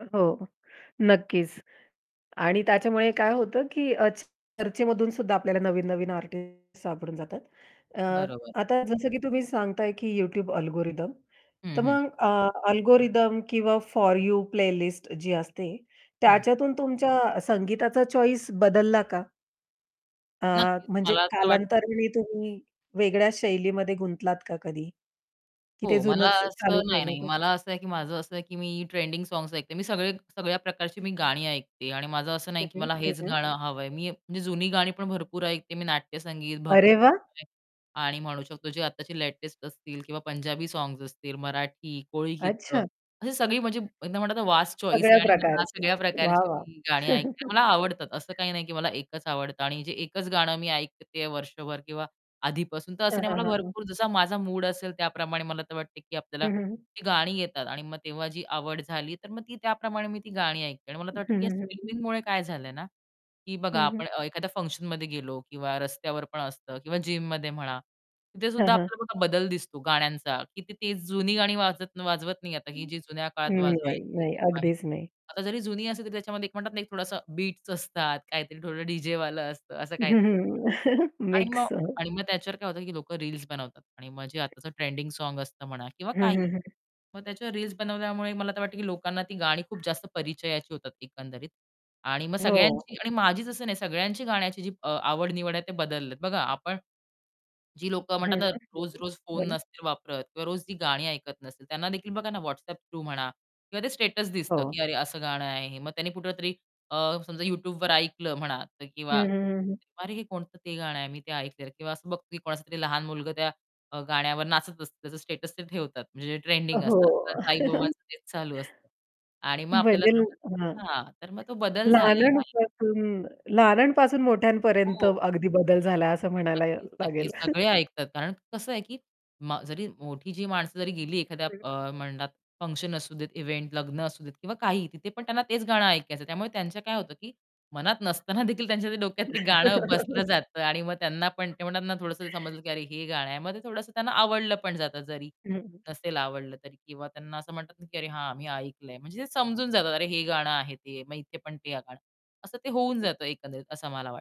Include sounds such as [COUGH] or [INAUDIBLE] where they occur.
हो, नक्कीच. आणि त्याच्यामुळे काय होतं, की अ, चर्चेमधून सुद्धा आपल्याला नवीन-नवीन आर्टिस्ट सापडून जातात. अ, बरोबर. आता जसं की तुम्ही सांगताय, की YouTube अल्गोरिदम. हं, तर हं. मग अ, अल्गोरिदम किंवा फॉर यू प्लेलिस्ट जी असते, हं. त्याच्यातून तुमच्या संगीताचा चॉइस बदलला का? अ, नक्कीच म्हणजे मला असं वाटतं. कालांतराने तुम्ही वेगळ्या शैलीमध्ये गुंतलात का कधी? की ते हो. मला जुनच चालू असं नाही, ठेवलं नाही, बरं? मला असं आहे की माझं असं आहे, की मी ट्रेंडिंग सॉन्ग्स ऐकते. मी सगळे सगळ्या प्रकारची मी गाणी ऐकते. आणि माझं असं नाही, हं, की हं. मला हं, हेच हं. गाणं हवंय. मी म्हणजे जुनी गाणी पण भरपूर ऐकते, मी नाट्यसंगीत, अरे वाह! भक्तिगीते आणि म्हणू शकतो जे आत्ताचे लेटेस्ट असतील किंवा पंजाबी सॉन्ग्स असतील, मराठी, कोळी गीतं अच्छा. अशी सगळी म्हणजे एकदा म्हणतात ना, वास्ट चॉइस आहे सगळ्या आणि मी या प्रकारची. सगळ्या वाह, वाह! प्रकारची गाणी ऐकते, मला [LAUGHS] आवडतात. असं काही नाही, की मला एकच आवडतं आणि जे एकच गाणं मी ऐकतेय वर्षभर किंवा आधीपासून. तर असं हां, नाही हां, मला हां, हां. भरपूर जसा माझा मूड असेल त्याप्रमाणे मला तर वाटते, की आपल्याला हं, हं. ती गाणी येतात. आणि मग तेव्हा जी आवड झाली तर मग ती त्याप्रमाणे मी ती गाणी ऐकते. आणि मला तर वाटतं, हं, की या हं, हं, हं. स्ट्रीमिंगमुळे काय झालंय ना, की बघा हं, हं. आपण अ, एखाद्या फंक्शनमध्ये गेलो किंवा रस्त्यावर पण असतं किंवा जिममध्ये म्हणा तिथे हां, सुद्धा हां. आपल्याला बदल दिसतो गाण्यांचा, की ते जुनी गाणी वाजत वाजवत नाही आता, ही हं, जी जुन्या काळात नाही, वाजवायची. नाही, अगदीच नाही. आता जरी जुनी असली, तरी त्याच्यामध्ये एक म्हणतात ना एक थोडसा बीट्स असतात, काहीतरी थोडं डीजेवालं असतं असं हं, काहीतरी असतं. हं, आणि मग मिक्स. आणि मग त्याच्यावर काय होतं, की लोक रील्स बनवतात. आणि मग जे आताच ट्रेंडिंग सॉन्ग्स असतं म्हणा किंवा हं, काहीही हं, हं. मग त्याच्यावर रील्स बनवल्यामुळे मला तर वाटतं, की लोकांना ती गाणी खूप जास्त परिचयाची होतात एकंदरीत. आणि मग हो. सगळ्यांची आणि माझीच असं नाही सगळ्यांची गाण्याची अ, आवड-निवड आहे ते बदललेत. बघा आपण, जी लोक हं, म्हणतात हं, ना हं, रोज-रोज फोन बोला. नसतील वापरत किंवा रोज जी गाणी ऐकत नसतील, त्यांना देखील बघा ना WhatsApp थ्रू म्हणा किंवा ते स्टेटस दिसतं, हो. की अरे असं गाणं आहे हे. मग त्यांनी कुठेतरी अ, समजा YouTubeवर ऐकलं म्हणा हं, किंवा हं, हं, हं. अरे हे कोणतं ते गाणं आहे मी ते ऐकलेलं. किंवा असं बघतील, की कोणाचा तरी लहान मुलगा अ, त्या गाण्यावर नाचत असतं, त्याचं स्टेटस ते ठेवतात. म्हणजे जे ट्रेंडिंग असतं, हो. तर काही [LAUGHS] लोकांच तेच चालू असतं. आणि मग आपल्याला बदल हां. समजतं हां. तर मग तो बदल झालेला आहे. लहानांपासून लहानांपासून मोठ्यांपर्यंत हो. अगदी बदल झाला असं म्हणायला नक्कीच, लागेल. नक्कीच. [CHUCKLES] सगळे ऐकतात. कारण कसं आहे, की म जरी मोठी जी माणसं जरी गेली एखाद्या हं. अ, म्हणतात फंक्शन असू देत, इवेंट लग्न असू देत किंवा काहीही तिथे पण त्यांना तेच गाणं ऐकायचं. त्यामुळे त्यांचं काय होतं, की मनात नसताना देखील त्यांच्या डोक्यात ते गाणं बसलं [CHUCKLES] जातं. आणि मग त्यांना पण ते म्हणतात ना थोडसं ते समजलं, की अरे हे गाणं आहे. मग ते थोडंसं त्यांना आवडलं पण जातं, जरी हं, हं. नसेल आवडलं तरी. किंवा त्यांना असं म्हणतात ना, की अरे हां, मी ऐकलंय. म्हणजे ते समजून जातात. अरे हे गाणं आहे ते मग इथे पण ते गाणं. असं ते होऊन जातं एकंदरीत असं मला वाटतं.